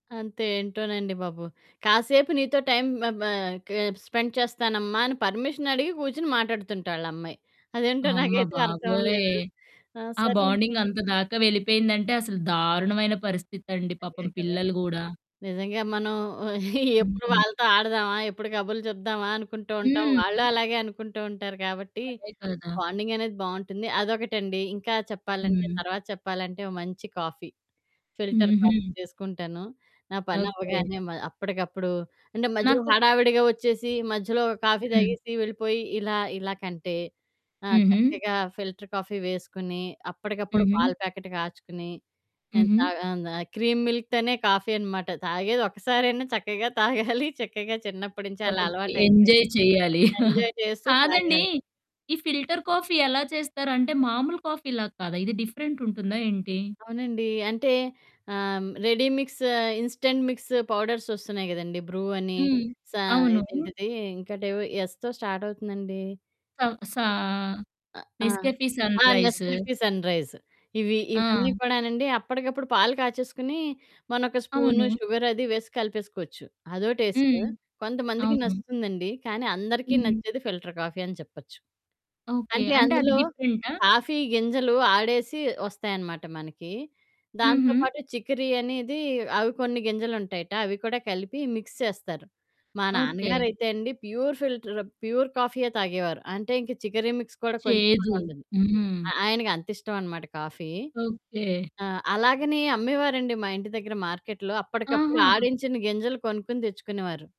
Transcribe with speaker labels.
Speaker 1: అంతే ఏంటోనండి బాబు, కాసేపు నీతో టైమ్ మ బ స్పెండ్ చేస్తానమ్మా అనే పర్మిషన్ అడిగి కూర్చొని మాట్లాడుతుంట ఆళ్ళమ్మాయి. అదేంటో
Speaker 2: అమ్మ
Speaker 1: నాకైతే
Speaker 2: బాబోయ్!
Speaker 1: అర్థమవ్వలేదు. ఆ
Speaker 2: ఆ
Speaker 1: సర్లే
Speaker 2: బాండింగంత దాకా వెళ్ళిపోయిందంటే అసలు దారుణమైన పరిస్థితండి పాపం
Speaker 1: అదె కదా!
Speaker 2: పిల్లలు గూడా.
Speaker 1: నిజంగా మనం ఎప్పుడు
Speaker 2: హ్మ్.
Speaker 1: వాళ్ళతో ఆడదామా? ఎప్పుడు కబుర్లు చెప్దామా? అనుకుంటూ ఉంటాం. వాళ్ళు
Speaker 2: హ్మ్.
Speaker 1: అలాగే అనుకుంటూ ఉంటారు గాబట్టి,
Speaker 2: అదే కదా!
Speaker 1: బాండింగనేది బావుంటుంది. అదొకటండి ఇంకా చెప్పాలంటే
Speaker 2: హ్మ్.
Speaker 1: తర్వాత చెప్పాలంటే ఓ మంచి కాఫీ. ఫిల్టర్ కాఫీ
Speaker 2: హుహు.
Speaker 1: చేసుకుంటాను. నా
Speaker 2: ఓకే.
Speaker 1: పనవ్వగానే మ అప్పటికప్పుడు అంటే మధ్యలో
Speaker 2: నాకు
Speaker 1: హడావిడిగా ఒచ్చేసి మధ్యలో ఒక కాఫీ
Speaker 2: హ్మ్.
Speaker 1: తాగేసి వెళ్ళిపోయి, ఇలా ఇలా కంటే ఆ
Speaker 2: హుహు.
Speaker 1: చక్కగా ఫిల్టర్ కాఫీ వేసుకొని, అప్పటికప్పుడు
Speaker 2: హుహు.
Speaker 1: పాల ప్యాకెట్ కాచుకుని, నేను
Speaker 2: హుహు.
Speaker 1: తాగ ఆ క్రీమ్ మిల్క్ తోనే కాఫీ అనమాట. తాగేది ఒక్కసారైనా చక్కగా తాగాలి చక్కగా చిన్నప్పట్నించి అలా
Speaker 2: ఓకే.
Speaker 1: అలవాటయింది.
Speaker 2: ఎంజాయ్ చేయాలి.
Speaker 1: ఎంజాయ్ చేస్తూ
Speaker 2: కాదండి
Speaker 1: తాగాలి.
Speaker 2: ఈ ఫిల్టర్ కాఫీ ఎలా చేస్తారంటే మామూలు కాఫీ లాగా కాదా? ఇది డిఫరెంటుంటుందా ఏంటి?
Speaker 1: అవునండి. అంటే ఆహ్, ready mix instant mix powders ఒస్తున్నాయి గదండి. బ్రూ అని
Speaker 2: హ్మ్.
Speaker 1: సా
Speaker 2: అవును.
Speaker 1: ఇదేంటిది ఇంకోటేవో ఎస్‌తో స్టార్టవుతుందండి.
Speaker 2: హ్మ్. సా
Speaker 1: ఆ
Speaker 2: నెస్కేఫీ సన్
Speaker 1: ఆ!
Speaker 2: రైజ్.
Speaker 1: నెస్కాఫీ సన్‌రైజ్ట ఇవి ఇవన్నీ
Speaker 2: ఆ!
Speaker 1: కూడానండి అప్పటికప్పుడు పాలు కాచేసుకొని మనం ఒక స్పూను
Speaker 2: అవును.
Speaker 1: షుగర్ అది వేసి కలిపేసుకోవచ్చు. అదో టేస్టు.
Speaker 2: హ్మ్.
Speaker 1: కొంతమందికి
Speaker 2: అవును.
Speaker 1: నచ్చుతుందండి. కానీ అందరికీ
Speaker 2: హ్మ్.
Speaker 1: నచ్చేది ఫిల్టర్ కాఫీ అని చెప్పచ్చు.
Speaker 2: ఓకే.
Speaker 1: అంటే
Speaker 2: అంటే అది
Speaker 1: అందులో
Speaker 2: డిఫరెంటా?
Speaker 1: కాఫీ గింజలు ఆడేసి ఒస్తాయనమాట మనకి .దాంతో
Speaker 2: హుహు.
Speaker 1: పాటు చికిరి అనేది అవి కొన్ని గింజలుంటాయట అవి కూడా కలిపి మిక్స్ చేస్తారు.మా
Speaker 2: ఓకే.
Speaker 1: నాన్నగారయితే అండి ప్యూర్ ఫిల్టర్ ప్యూర్ కాఫీయె తాగేవారు. అంటే ఇంక చికరి మిక్స్ కూడా కొంచెం కూడా
Speaker 2: చేదు
Speaker 1: ఉండదు.
Speaker 2: హుహు.
Speaker 1: ఆయనకంతిష్టమనమాట కాఫీ.
Speaker 2: ఓకే.
Speaker 1: ఆ! అలాగని అమ్మేవారండి మా ఇంటి దగ్గర మార్కెట్లో. అప్పటికప్పుడు
Speaker 2: ఆహా!
Speaker 1: ఆడించిన గింజలు కొనుక్కొని తెచ్చుకునేవారు.